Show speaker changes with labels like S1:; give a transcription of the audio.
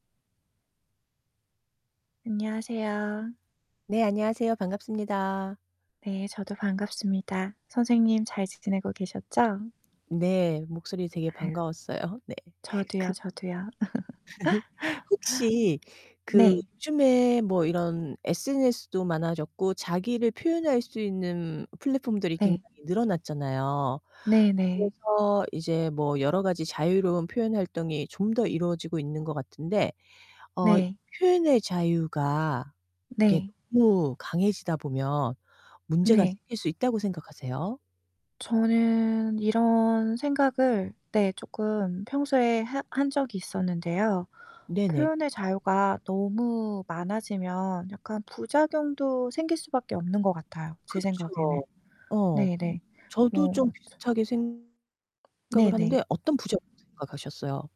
S1: 안녕하세요.
S2: 네. 안녕하세요. 반갑습니다.
S1: 네. 저도 반갑습니다. 선생님 잘 지 지내고 계셨죠?
S2: 네. 목소리 되게
S1: 아휴.
S2: 반가웠어요. 네.
S1: 저도요,
S2: 그
S1: 저도요.
S2: 혹시 그
S1: 네.
S2: 요즘에 뭐 이런 SNS도 많아졌고 자기를 표현할 수 있는 플랫폼들이
S1: 네.
S2: 굉장히 늘어났잖아요.
S1: 네 네.
S2: 그래서 이제 뭐 여러 가지 자유로운 표현 활동이 좀 더 이루어지고 있는 것 같은데 어
S1: 네.
S2: 이 표현의 자유가 이게
S1: 네.
S2: 너무 강해지다 보면 문제가
S1: 네.
S2: 생길 수 있다고 생각하세요?
S1: 저는 이런 생각을 네 쪼끔 평소에 해 한 적이 있었는데요.
S2: 네네.
S1: 표현의 자유가 너무 많아지면 약간 부작용도 생길 수밖에 없는 것 같아요, 제 생각에는.
S2: 그쵸? 어.
S1: 네네.
S2: 저도 좀
S1: 뭐 처
S2: 비슷하게 생각을 하는데
S1: 네네.
S2: 어떤 부작용 생각하셨어요?